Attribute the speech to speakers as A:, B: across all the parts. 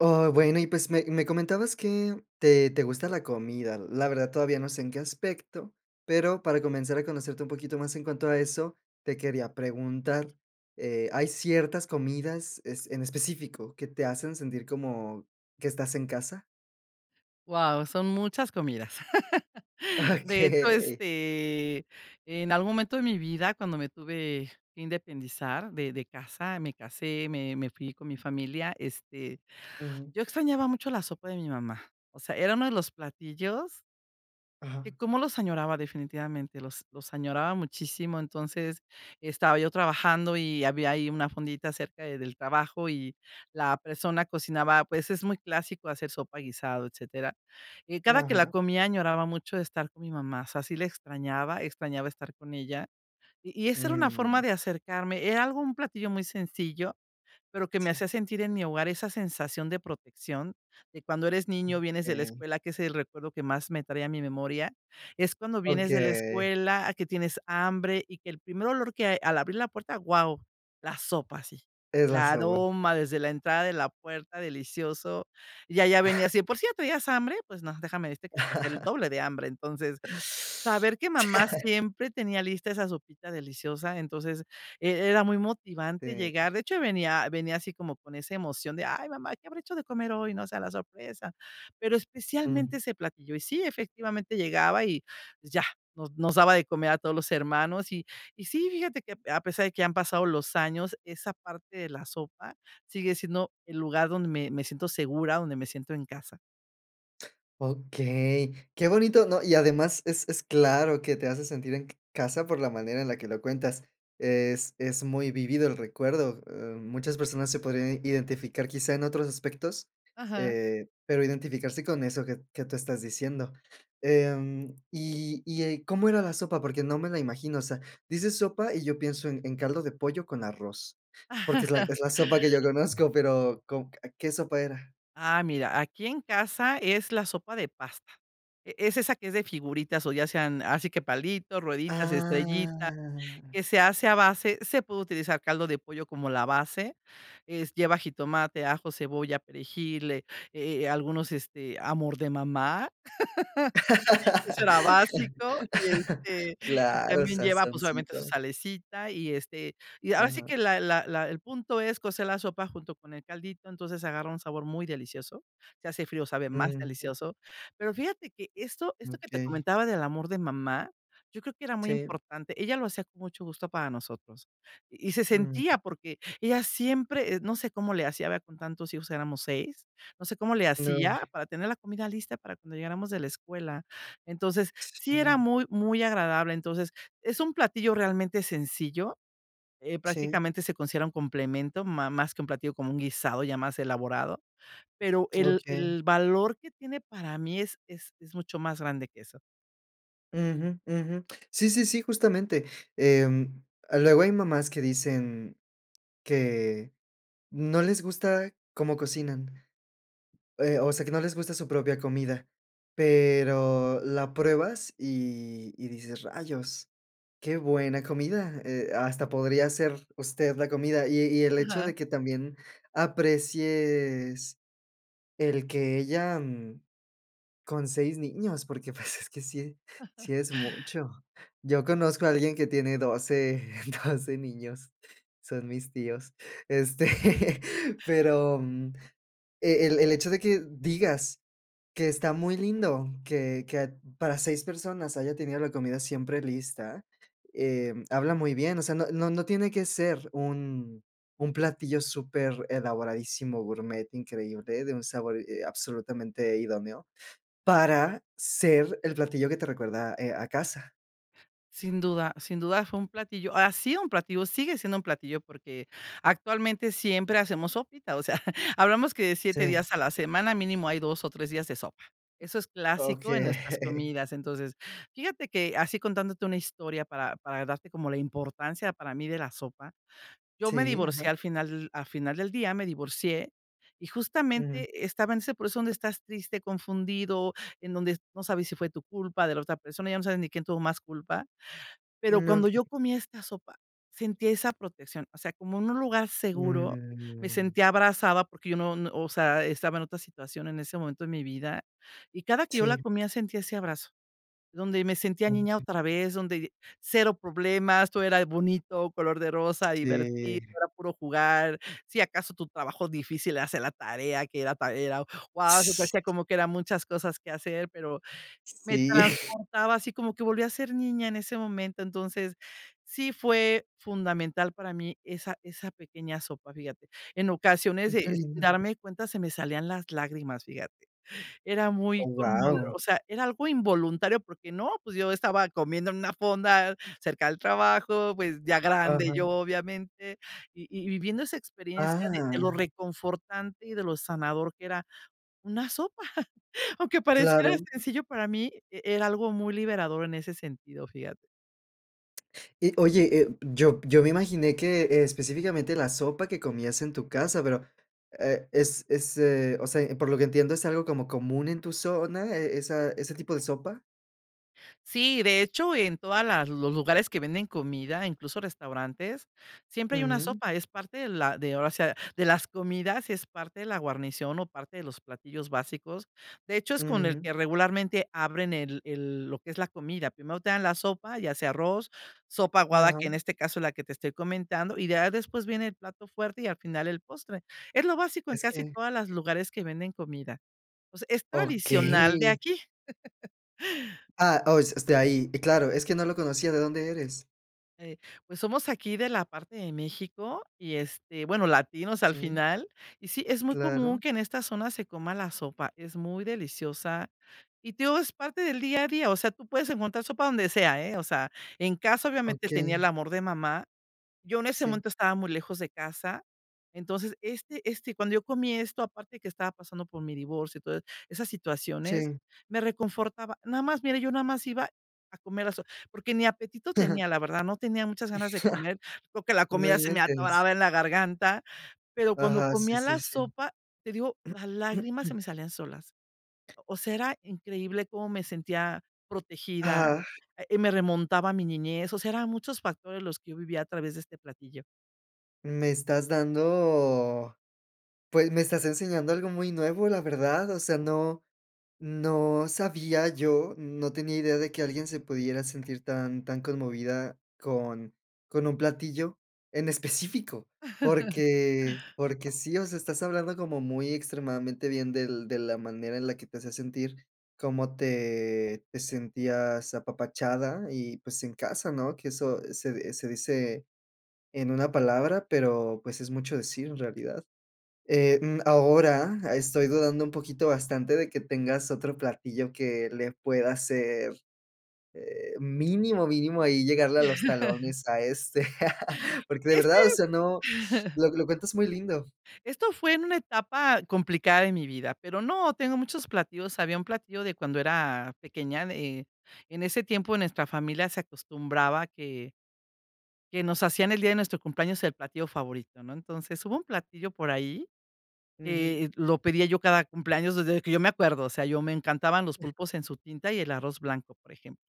A: Oh, bueno, y pues, me me comentabas que te te gusta la comida. La verdad, todavía no sé en qué aspecto, pero para comenzar a conocerte un poquito más en cuanto a eso, te quería preguntar, eh, ¿hay ciertas comidas es en específico que te hacen sentir como que estás en casa?
B: Wao, son muchas comidas. De hecho,
A: Okey.
B: este, en algún momento de mi vida, cuando me tuve que independizar de de casa, me casé, me me fui con mi familia, este,
A: Ujú.
B: yo extrañaba mucho la sopa de mi mamá, o sea, era uno de los platillos que
A: Ajá.
B: cómo los añoraba definitivamente los los añoraba muchísimo. Entonces, estaba yo trabajando y había ahí una fondita cerca de del trabajo y la persona cocinaba, pues, es muy clásico hacer sopa, guisado, etcétera. Eh, cada que la
A: Ajá.
B: comía, añoraba mucho de estar con mi mamá. O sea, si le extrañaba, extrañaba estar con ella y y esa era una forma
A: Mm.
B: de acercarme. Era algo, un platillo muy sencillo, pero que me
A: Sí.
B: hacía sentir en mi hogar, esa sensación de protección de cuando eres niño, vienes de la
A: Okey.
B: escuela, que es el recuerdo que más me trae a mi memoria, es cuando vienes de la
A: Okey.
B: escuela a que tienes hambre y que el primer olor que hay al abrir la puerta, wao, la sopa, así,
A: Es la
B: la
A: sopa.
B: aroma desde la entrada de la puerta, delicioso. Y ahí ya venía, "Por cierto, ¿ya hace hambre?". Pues no, déjame decirte que hasta hacía el doble de hambre. Entonces, saber que mamá siempre tenía lista esa sopita deliciosa, entonces eh, era muy motivante
A: Sí.
B: llegar. De hecho, venía venía así como con esa emoción de: "Ay, mamá, que habrá hecho de comer hoy", ¿no? O sea la sorpresa, pero especialmente
A: Mm.
B: ese platillo. Y sí, efectivamente llegaba y, pues, ya nos nos daba de comer a todos los hermanos. Y y sí, fíjate que a a pesar de que ya han pasado los años, esa parte de la sopa sigue siendo el lugar donde me me siento segura, donde me siento en casa.
A: Okey, qué bonito, ¿no?, y además, es es claro que te hace sentir en ca casa por la manera en la que lo cuentas, es es muy vivido el recuerdo, eh, muchas personas se podrían identificar quizá en otros aspectos,
B: Ajá.
A: eh, pero identificarse con eso que que tú estás diciendo, em, y y, eh, ¿cómo era la sopa? Porque no me la imagino, o sea, dices: "Sopa", y yo pienso en en caldo de pollo con arroz, porque es la es la sopa que yo conozco pero, ¿con qué sopa era?
B: Ah, mira, aquí en casa es la sopa de pasta, e es esa que es de figuritas o ya sean, así que palitos, rueditas, estrellitas,
A: Ah.
B: que se hace a base se puede utilizar caldo de pollo como la base, es lleva jitomate, ajo, cebolla, perejil, e eh, algunos, este, amor de mamá, eso era básico y este, y
A: Claro,
B: también lleva, pues, obviamente su
A: sazoncito.
B: salecita, y este, y ahora sí
A: Ajá.
B: que la la la el punto es cocer la sopa junto con el caldito, entonces, agarra un sabor muy delicioso, si hace frío, sabe más
A: Ujú.
B: delicioso. Pero fíjate que esto esto que te
A: Okey.
B: comentaba del amor de mamá, yo creo que era muy
A: Sí.
B: importante ella lo hacía con mucho gusto para nosotros, y se
A: Mm.
B: sentía, porque, ella siempre, eh, no sé cómo le hacía, ¿verdad?, con tantos hijos, éramos 6 no sé cómo le
A: No,
B: hacía
A: sí.
B: para tener la comida lista para cuando llegáramos de la escuela, entonces, sí era
A: Sí.
B: muy muy agradable, entonces, es un platillo realmente sencillo, eh,
A: Sí.
B: prácticamente se considera un complemento, ma más que un platillo, como un guisado ya más elaborado, pero el
A: Okey.
B: el valor que tiene para mí es es es mucho más grande que eso.
A: Uju, uju. Sí, sí, sí, justamente, em, luego hay mamás que dicen que no les gusta cómo cocinan, eh, o sea, que no les gusta su propia comida, pero, la pruebas, y, y dices: "Rayos, qué buena comida, eh, hasta podría hacer, usted la comida". Y y el hecho,
B: Ajá.
A: de que también, aprecies, el que ella, mm, con 6 niños, porque, pues, es que sí sí es mucho. Yo conozco a alguien que tiene 12, 12 doce niños. Son mis tíos. Este, pero, mm, e el el hecho de que, digas que está muy lindo, que que para 6 personas, haya tenido la comida siempre lista, em, habla muy bien. O sea, no no no tiene que ser un un platillo super elaboradísimo, gourmet increíble, de un sabor, eh, absolutamente idóneo. Para ser el platillo que te recuerda, eh, a casa.
B: Sin duda sin duda fue un platillo, ha sido un platillo, sigue siendo un platillo, porque, actualmente siempre hacemos sopita. O sea, hablamos que de 7
A: Sí.
B: días a la semana, mínimo, hay 2 o 3 días de sopa. Eso es clásico, en nuestras
A: Okey.
B: comidas, entonces Fíjate que así, contándote una historia para para darte, como la importancia para mí, de la sopa. Yo me
A: Sí, ajá.
B: divorcié al final al final del día, me divorcié, y
A: Uju.
B: justamente, estaba en ese proceso donde estás triste, confundido. En donde no sabes si fue tu culpa, de la otra persona, ya no sabes ni quién tuvo más culpa. Pero
A: Mm,
B: cuando yo
A: okey.
B: comía esta sopa, sentía esa protección. O sea, como en un lugar seguro. Me
A: Mm.
B: sentía abrazada, porque yo no no O sea, estaba en otra situación, en ese momento de mi vida, Y cada que yo la
A: Sí.
B: comía, sentía ese abrazo, donde me sentía niña
A: Okey.
B: otra vez, donde cero problemas, todo era bonito, color de rosa, divertido,
A: Sí.
B: era puro jugar. Si acaso, tu trabajo difícil, era hacer la tarea, que era para ir a guau. Se te hacía, como que eran muchas cosas que hacer. Pero me
A: Sí.
B: transportaba, así como que volví a ser niña en ese momento, entonces, sí fue fundamental para mí, esa esa pequeña sopa, fíjate. En ocasiones,
A: Mm, qué
B: eh,
A: lindo.
B: darme cuenta se me salían las lágrimas, fíjate. Era
A: Oh,
B: muy conmovedor,
A: wao.
B: o sea, era algo involuntario, porque no, pues, yo estaba comiendo en una fonda, cerca del trabajo, pues, ya grande yo,
A: Ajá.
B: obviamente. Y y viviendo esa experiencia de de lo
A: Ah.
B: reconfortante, y de lo sanador, que era una sopa. Aunque pareciera
A: Claro.
B: sencillo, para mí, e era algo muy liberador, en ese sentido, fíjate.
A: Y, oye, eh, yo yo me imaginé, que específicamente, la sopa que comías en tu casa. Pero, e es es, eh, o sea, por lo que entiendo, ¿es algo como común en tu zona, eh, esa ese tipo de sopa?
B: Sí, de hecho, en todas las los lugares que venden comida, incluso restaurantes, siempre hay una
A: Ujú.
B: sopa, es parte de la de, ahora sí, de las comidas, es parte de la guarnición o parte de los platillos básicos. De hecho, es con el
A: Ujú.
B: que regularmente abren el el lo que es la comida. Primero te dan la sopa, ya sea arroz, sopa
A: Mm,
B: aguada, que en
A: ajá.
B: este caso es la que te estoy comentando. Y ya, después viene el plato fuerte y al final el postre, es lo básico en
A: Es
B: casi
A: que
B: todas las lugares que venden comida. O sea es tradicional de
A: Okey.
B: aquí.
A: Ah, oh, es este, ahí. Y claro, es que no lo conocía, ¿de dónde eres?
B: Eh, pues, somos aquí de la parte de México y, este, bueno, latinos al
A: Sí.
B: final. Y sí, es muy
A: Claro.
B: común que en esta zona se coma la sopa. Es muy deliciosa y te digo, es parte del día a día, o sea, tú puedes encontrar sopa donde sea, ¿eh?, o sea, en casa, obviamente, tenía el
A: Okey.
B: amor de mamá. Yo en ese
A: Sí.
B: momento estaba muy lejos de casa. Entonces, este este, cuando yo comí esto, aparte de que estaba pasando por mi divorcio y todas esas situaciones,
A: Sí.
B: me reconfortaba. Nada más, mira, yo nada más iba a comer la so porque ni apetito tenía, la verdad, no tenía muchas ganas de comer, porque la
A: No
B: comida se me
A: inventes.
B: atoraba en la garganta, pero cuando
A: Ajá, sí,
B: comía
A: sí,
B: la
A: sí.
B: sopa, te digo, las lágrimas se me salían solas. O sea, era increíble cómo me sentía protegida,
A: Ajá.
B: eh, me remontaba a mi niñez. O sea, eran muchos factores los que yo vivía a través de este platillo.
A: Me estás dando pues, me estás enseñando algo muy nuevo, la verdad. O sea, no no sabía yo, no tenía idea de que alguien se pudiera sentir tan tan conmovida con con un platillo en específico. Porque porque sí, o sea, estás hablando como muy extremadamente bien del de la manera en la que te hacía sentir, cómo te te sentías apapachada y, pues, en casa ¿no? Que eso se, eh, se dice en una palabra pero, pues, es mucho decir en realidad. Eh, mm, ahora estoy dudando un poquito bastante de que tengas otro platillo que le pueda ser, eh, mínimo, mínimo ahí llegarle a los talones a este, porque de
B: Es
A: verdad, o
B: que
A: sea, no, lo lo cuentas muy lindo.
B: esto fue en una etapa complicada de mi vida, pero no, tengo muchos platillos. Había un platillo de cuando era pequeña, eh, en ese tiempo nuestra familia se acostumbraba a que que nos hacían el día de nuestro cumpleaños el platillo favorito, ¿no? Entonces, hubo un platillo por ahí,
A: Ujú.
B: que lo pedía yo cada cumpleaños desde que yo me acuerdo, o sea, yo me encantaban los pulpos en su tinta y el arroz blanco, por ejemplo.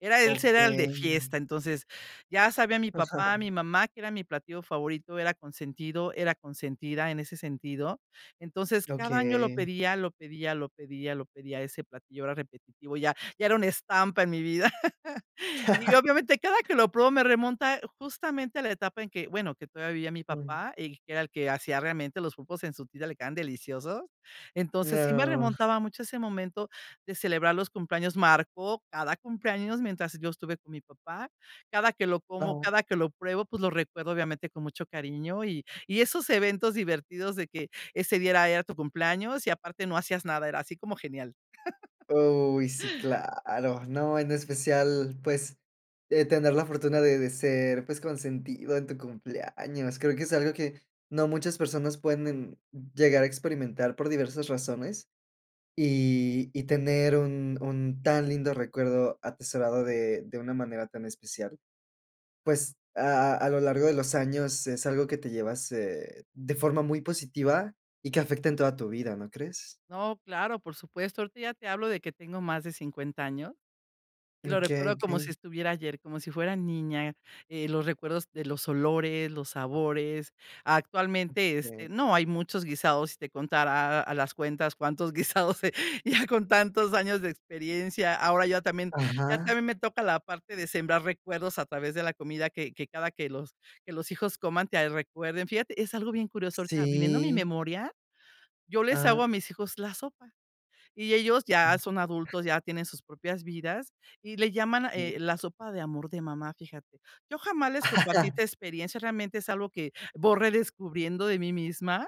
B: Era ese era el de
A: Okey.
B: fiesta, entonces, ya sabía mi papá, mi mamá, que era mi platillo favorito, era consentido, era consentida en ese sentido. Entonces, cada año lo
A: Okey.
B: pedía, lo pedía, lo pedía, lo pedía, a ese platillo, era repetitivo, ya ya era una estampa en mi vida. Y, obviamente, cada que lo pruebo me remonta justamente a la etapa en que, bueno, que todavía vivía mi
A: Mm.
B: papá, y que era el que hacía realmente los pulpos en su tinta, le quedaban deliciosos. Entonces, sí me
A: No.
B: remontaba mucho a ese momento de celebrar los cumpleaños. Marcó cada cumpleaños mientras yo estuve con mi papá. Cada que lo como,
A: [unintelligible]
B: cada que lo pruebo, pues, lo recuerdo, obviamente, con mucho cariño. Y y esos eventos divertidos de que ese día era era tu cumpleaños y aparte no hacías nada, era así como genial.
A: Uy, sí claro. No, en especial, pues, eh, tener la fortuna de de ser, pues, consentido en tu cumpleaños. Creo que es algo que no muchas personas pueden llegar a experimentar por diversas razones, y y tener un un tan lindo recuerdo atesorado de de una manera tan especial, pues, a a lo largo de los años es algo que te llevas, eh, de forma muy positiva y que afecta en toda tu vida, ¿no crees?
B: No, claro, por supuesto. Ahorita ya te hablo de que tengo más de 50 años y lo
A: Okey,
B: recuerdo como si
A: okey.
B: estuviera ayer, como si fuera niña. Eh, los recuerdos de los olores, los sabores. Actualmente, este,
A: Este
B: no, hay muchos guisados si te contara a las cuentas cuántos guisados, eh, ya con tantos años de experiencia. Ahora ya también, ya
A: Ajá.
B: también me toca la parte de sembrar recuerdos a través de la comida que que cada que los que los hijos coman te recuerden, fíjate, es algo bien curioso. Ahorita viniendo a mi
A: Sí.
B: memoria, yo les hago
A: Ajá.
B: a mis hijos la sopa y ellos ya son adultos, ya tienen sus propias vidas y le llaman,
A: Sí.
B: eh, la sopa de amor de mamá, fíjate. Yo jamás les compartí esta experiencia, realmente es algo que voy redescubriendo de mí misma,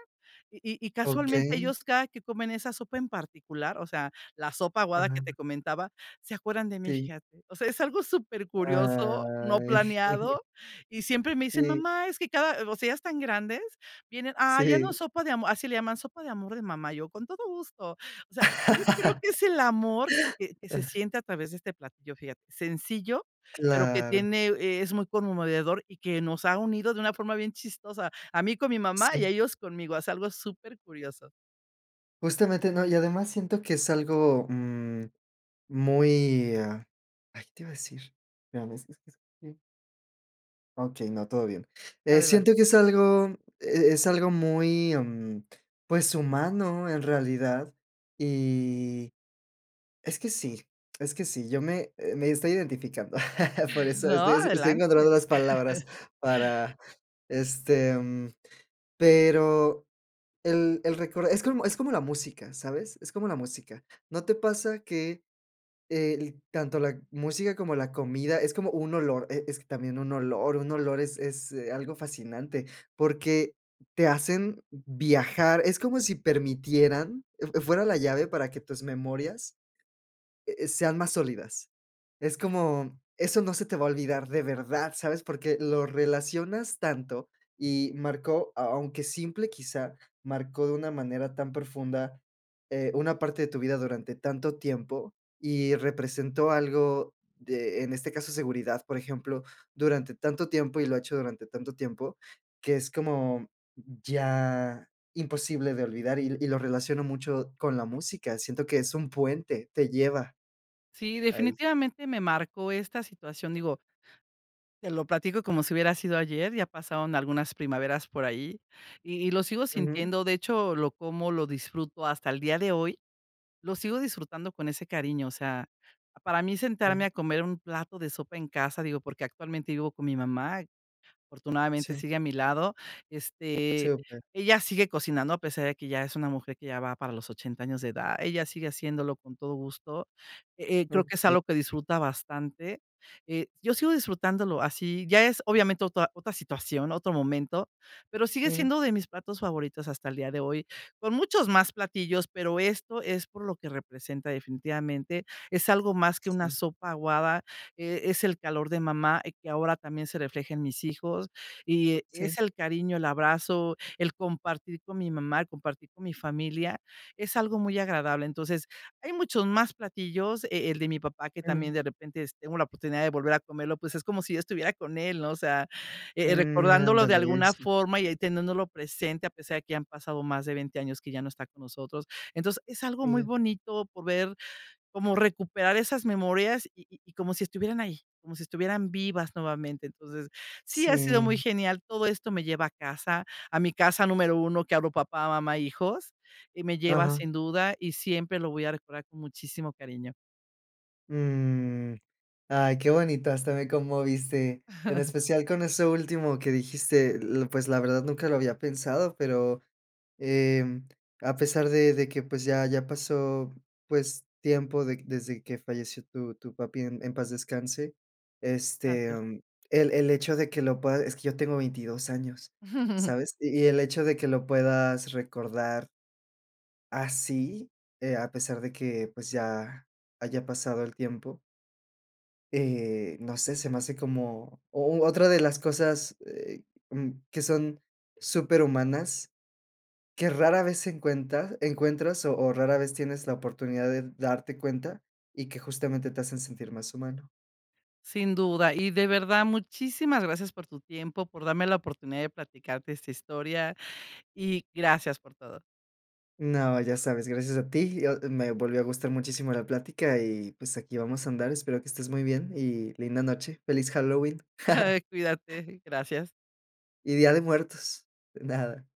B: y y y casualmente
A: Okey.
B: ellos cada que comen esa sopa en particular, o sea, la sopa aguada que te
A: Ah.
B: comentaba, se acuerdan de mí,
A: Sí.
B: fíjate. O sea, es algo súper curioso, no
A: Ay.
B: planeado, y siempre me dicen:
A: Sí.
B: "Mamá, es que cada", o sea, ya están grandes, vienen, ah, ya no
A: Sí.
B: sopa de amor, así le llaman, sopa de amor de mamá. Yo, con todo gusto. O sea, yo creo que es el amor que que que se siente a través de este platillo, fíjate, sencillo, pero que
A: Claro.
B: tiene es muy conmovedor y que nos ha unido de una forma bien chistosa. A mí con mi mamá y a
A: Sí.
B: ellos conmigo. Es algo super curioso.
A: Justamente, ¿no? Y, además, siento que es algo, mm, muy ah, ay, ¿te iba a decir?, ya ves, es es que Okey, no, todo bien. Eh,
B: Adelante.
A: siento que es algo, e es algo muy, mm, pues, humano en realidad. Y es que sí es que sí, yo me me estoy identificando. Por eso,
B: No,
A: estoy así, estoy encontrando
B: adelante.
A: las palabras para, este, pero el el récord es como es como la música, ¿sabes? Es como la música. ¿No te pasa que?, el tanto la música como la comida, es como un olor, e es que también un olor, un olor es es, eh, algo fascinante, porque te hacen viajar, es como si permitieran e eh, fuera la llave para que tus memorias, eh, sean más sólidas. Es como, eso no se te va a olvidar de verdad, ¿sabes? Porque lo relacionas tanto y marcó a aunque simple, quizá marcó de una manera tan profunda, eh, una parte de tu vida durante tanto tiempo y representó algo de en este caso, seguridad, por ejemplo, durante tanto tiempo. Y lo ha hecho durante tanto tiempo, que es como ya imposible de olvidar y l y lo relaciono mucho con la música. Siento que es un puente, te lleva.
B: Sí,
A: Ahí.
B: definitivamente me marcó esta situación. Digo te lo platico como si hubiera sido ayer ya pasaron algunas primaveras por allí y y lo sigo
A: Ujú.
B: sintiendo. De hecho, lo como lo disfruto hasta el día de hoy. Lo sigo disfrutando con ese cariño. O sea, para mí
A: Ya.
B: sentarme a comer un plato de sopa en casa, digo, porque actualmente vivo con mi mamá. Afortunadamente
A: Sí.
B: sigue a mi lado,
A: ¿Sí,
B: este,
A: o qué?
B: ella sigue cocinando a pesar de que ya es una mujer que ya va para los 80 años de edad. Ella sigue haciéndolo con todo gusto. Eh, creo que es
A: Okey.
B: algo que disfruta bastante. Eh, yo sigo disfrutándolo así, ya es obviamente otra otra situación, otro momento, pero sigue
A: Ujú.
B: siendo de mis platos favoritos hasta el día de hoy, con muchos más platillos. Pero esto es por lo que representa definitivamente, es algo más que una
A: Sí.
B: sopa aguada, e es el calor de mamá, eh, que ahora también se refleja en mis hijos, y e
A: Sí.
B: es el cariño, el abrazo, el compartir con mi mamá, el compartir con mi familia. Es algo muy agradable. Entonces, hay muchos más platillos, e el de mi papá que también,
A: Ujú.
B: de repente, si tengo la oportunidad de volver a comerlo, pues, es como si estuviera con él, ¿no? O sea, eh eh,
A: Mm,
B: recordándolo de
A: ándale,
B: alguna
A: eso.
B: forma y ahí teniéndolo presente, a pesar de que ya han pasado más de 20 años que ya no está con nosotros. Entonces, es algo
A: Y
B: muy
A: yo.
B: bonito poder como recuperar esas memorias y y y como si estuvieran ahí, como si estuvieran vivas nuevamente. Entonces, sí, ha sido muy
A: Sí.
B: genial. Todo esto me lleva a casa, a mi casa número 1, que hablo papá, mamá, hijos, y me lleva
A: Ajá.
B: sin duda y siempre lo voy a recordar con muchísimo cariño.
A: Mm. Ay, qué bonito, hasta me conmoviste. En especial con eso último que dijiste, eh, pues, la verdad nunca lo había pensado pero, em, a pesar de de que, pues, ya ya pasó, pues, tiempo de desde que falleció tu tu papi, en en paz descanse, este,
B: Gracias.
A: mm, el el hecho de que lo puedas es que yo tengo 22 años, ¿sabes?, y y el hecho de que lo puedas recordar así, eh, a pesar de que, pues, ya haya pasado el tiempo eh, no sé, se me hace como o u otra de las cosas, eh, mm, que son superhumanas, que rara vez se encuentra encuentras o o rara vez tienes la oportunidad de darte cuenta y que, justamente, te hacen sentir más humano.
B: Sin duda. Y, de verdad, muchísimas gracias por tu tiempo, por darme la oportunidad de platicarte esta historia y gracias por todo.
A: No, ya sabes, gracias a ti. Yo, me volvió a gustar muchísimo la plática y, pues, aquí vamos a andar. Espero que estés muy bien y linda noche. Feliz Halloween.
B: Cuídate, gracias.
A: Y día de muertos. De nada.